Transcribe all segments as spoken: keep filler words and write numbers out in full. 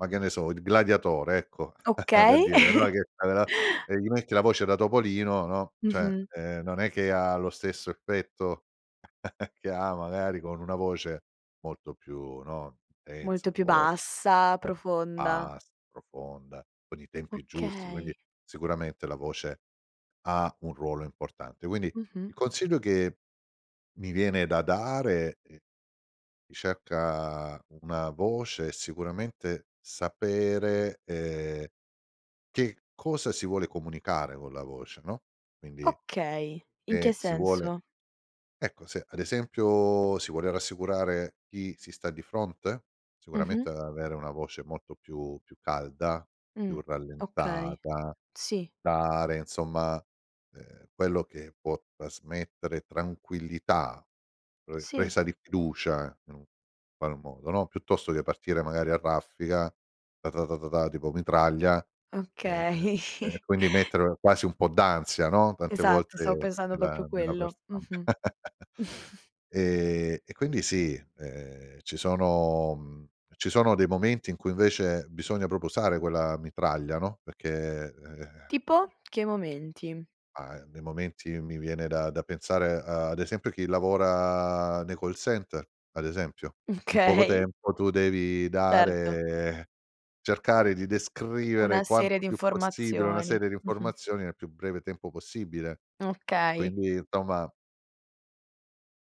Ma che ne so, Il Gladiatore, ecco, per Okay. dire, no, che aveva e gli metti la voce da topolino, no, cioè, Mh-mh. ehm non è che ha lo stesso effetto che ha magari con una voce molto più, no, Molto intensa, più forte, bassa, [unintelligible] profonda. as profonda, con i tempi giusti, quindi Okay. sicuramente la voce ha un ruolo importante. Quindi il Mh-mh. consiglio che mi viene da dare è cerca una voce e sicuramente sapere, ehm, che cosa si vuole comunicare con la voce, no, quindi, Okay, in che e si vuole senso? ecco, se ad esempio si vuole rassicurare chi si sta di fronte? Mh-mh. Sicuramente avere una voce molto più più calda, Mh. più Okay. rallentata, Sì. dare insomma, ehm, quello che può trasmettere tranquillità, pre Sì. presa di fiducia in un qual modo, no, piuttosto che partire magari a raffiga, ta ta ta ta ta tipo mitraglia. E ehm, Okay. e quindi mettere quasi un po' d'ansia, no, tante Esatto, stavo volte pensando proprio nella nella parte quello. [unintelligible] Mh-mh. E e quindi sì, ehm, ci sono, mhmm, ci sono dei momenti in cui invece bisogna proprio usare quella mitraglia, no, perché ehm. Tipo? Che momenti? Ah nei momenti mi viene da da pensare ad esempio chi lavora nei call center, ad esempio. In poco Okay. tempo tu devi Certo. dare cercare di descrivere Una serie quanto di più possibile una informazioni. serie di Mh-mh. informazioni nel più breve tempo possibile. E Okay. quindi insomma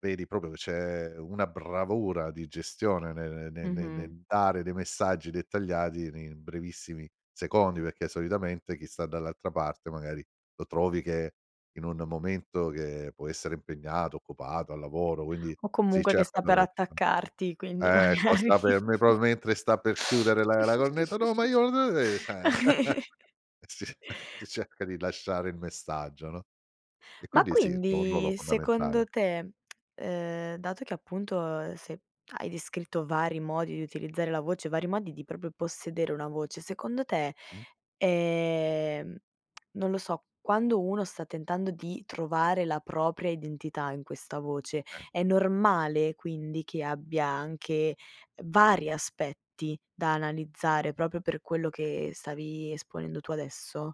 vedi proprio che c'è una bravura di gestione ne ne ne ne Mh-mh. nel dare dei messaggi dettagliati nei brevissimi secondi, perché solitamente chi sta dall'altra parte magari lo trovi che in un momento che può essere impegnato, occupato, al lavoro, quindi O si comunque che cerca sta per dall'altra attaccarti, quindi Eh magari costa per me, proprio mentre sta per chiudere la la cornetta: "no, ma io no" e cioè. Si ce si cerca di lasciare il messaggio, no? E Ma quindi sì, tono [unintelligible] quindi secondo fondamentale. te, ehm, dato che appunto, ehm, se hai descritto vari modi di utilizzare la voce, vari modi di proprio possedere una voce, secondo te, Mh-mh. ehm, non lo so, quando uno sta tentando di trovare la propria identità in questa voce, Sì. è normale quindi che abbia anche vari aspetti da analizzare proprio per quello che stavi esponendo tu adesso?